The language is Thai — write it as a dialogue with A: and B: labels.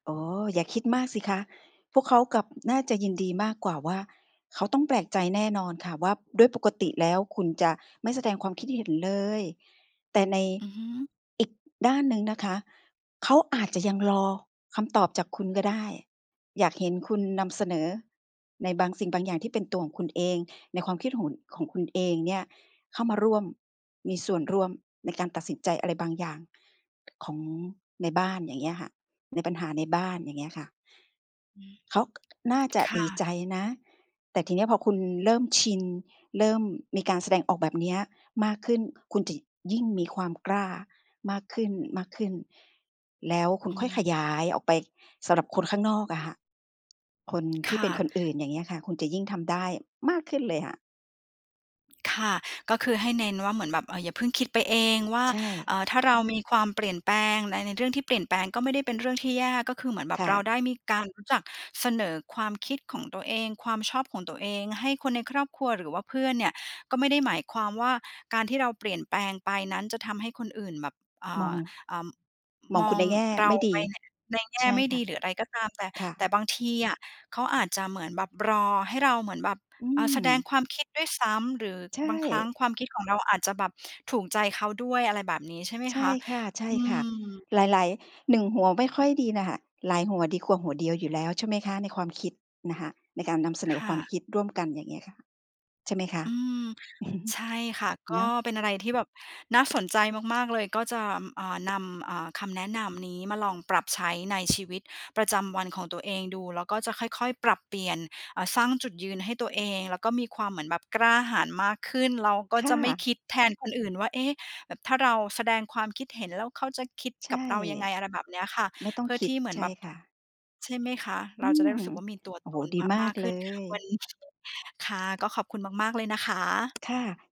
A: อ๋อ อย่าคิดมากสิคะ พวกเขากลับ น่าจะยินดีมากกว่าว่า เขาต้องแปลกใจแน่นอนค่ะว่า ด้วยปกติแล้วคุณจะไม่แสดงความคิดเห็นเลย แต่ใน
B: อือฮึ
A: อีกด้านหนึ่งนะคะ เขาอาจจะยังรอคำตอบจากคุณก็ได้ อยากเห็นคุณนำเสนอในบางสิ่งบางอย่างที่เป็นตัวของคุณเอง ในความคิดของ ของคุณเองเนี่ยเข้ามาร่วม มีส่วนร่วมในการตัดสินใจอะไรบางอย่างของในบ้าน อย่างเงี้ยค่ะ ในปัญหาในบ้าน อย่างเงี้ยค่ะ
B: อือฮึ
A: เขาน่าจะ
B: ค่
A: ดีใจ
B: ะ
A: นะ แต่ทีนี้พอคุณเริ่มชิน เริ่มมีการแสดงออกแบบนี้มากขึ้น คุณจะยิ่งมีความกล้ามากขึ้น ๆ แล้วคุ
B: อ
A: ณ
B: ื
A: ค่อยข
B: ม
A: ยายออกไปสำหรับคนข้างนอกอะค่ะ คน
B: ค
A: ที่
B: ่
A: เป็น
B: ะ
A: คนอื่น อย่างเงี้ยค่ะ คุณจะยิ่งทำได้มากขึ้นเลยอะ
B: ค่ะ ก็คือให้เน้นว่าเหมือนแบบ เอ่อ อย่าเพิ่งคิดไปเองว่า
A: ใช
B: อ
A: ่
B: ่า ถ้าเรามีความเปลี่ยนแปลงใน ในเรื่องที่เปลี่ยนแปลงก็ไม่ได้เป็นเรื่องที่แย่ ก็คือเหมือนแบ
A: ค
B: บ
A: ่
B: เรา
A: ะ
B: ได้มีการรู้จักเสนอความคิดของตัวเอง ความชอบของตัวเองให้คนในครอบครัวหรือว่าเพื่อนเนี่ยก็ไม่ได้หมายความว่า การที่เราเปลี่ยนแปลงไปนั้นจะทำให้คนอื่นแบบ อ่
A: มอ
B: า
A: ง
B: อ่า อ
A: ม
B: ม
A: องคุ
B: อ
A: ณใ
B: ง
A: นแง่
B: เร
A: ไม
B: า
A: ่ด
B: ไป
A: ี
B: ใน ในแง
A: ใ
B: ่
A: ช่
B: ไม่
A: ค
B: ด
A: ่
B: ี
A: ะ
B: หรืออะไรก็ตามแต่
A: ค่
B: แต่
A: ะ
B: บางทีอะเขาอาจจะเหมือนแบบรอให้เราเหมือนแบบ
A: อื
B: อ่า แสดง
A: ม
B: ความคิดด้วยซ้ำ หรือ
A: ใช
B: บางครั้ง
A: ่
B: ความคิดของเราอาจจะแบบถูกใจเขาด้วย อะไรแบบนี้ ใช่ไหม
A: ใช
B: ค
A: ่
B: ะ
A: ค
B: อื
A: ่ะ
B: ม
A: ๆ หลาย ๆ หนึ่งหัวไม่ค่อยดีน่ะค่ะ หลายหัวดีกว่าหัวเดียวอยู่แล้ว ใช่ไหมคะ ในความคิดนะคะ ในการนำเส
B: ค
A: นอค
B: ่
A: วาม
B: ะ
A: คิดร่วมกัน อย่างเงี้ยค่ะ ใช่ไหมคะ?
B: อืม ใช่ค่ะ ก็
A: เนาะ
B: เป็นอะไรที่แบบน่าสนใจมาก ๆ เลย ก็จะ อ่า นำ อ่า คำแนะนำนี้มาลองปรับใช้ในชีวิตประจำวันของตัวเองดู แล้วก็จะค่อย ๆ ปรับเปลี่ยน เอ่อ สร้างจุดยืนให้ตัวเอง แล้วก็มีความเหมือนแบบกล้าหาญมากขึ้น แล้วก็
A: ค่
B: จะไม่
A: ะ
B: คิดแทนคนอื่นว่า "เอ๊ะ แบบถ้าเราแสดงความคิดเห็น แล้วเขาจะคิด
A: ใช
B: กับ
A: ่
B: เรายังไง" อะไรแบบนี้ค่ะ
A: ไม่ต้อ
B: เ
A: ง
B: พื่อ
A: คิ
B: ท
A: ด
B: ี่เหมื
A: ใ
B: อ
A: ช
B: นแ
A: ่
B: บบ
A: ค่ะ
B: ใช่ไหมคะ เ
A: อ
B: ร
A: ื
B: าจะได้
A: อ
B: รู้สึกว่ามีตัว
A: โอ้
B: ต
A: โฮ
B: น
A: ดี
B: ม
A: ม
B: ม
A: า
B: า
A: ก
B: กข
A: เ
B: ึ
A: ล
B: ้น
A: ย
B: วัน ค่ะ ก็ขอบคุณมาก ๆ เลยนะคะ
A: ค่ะ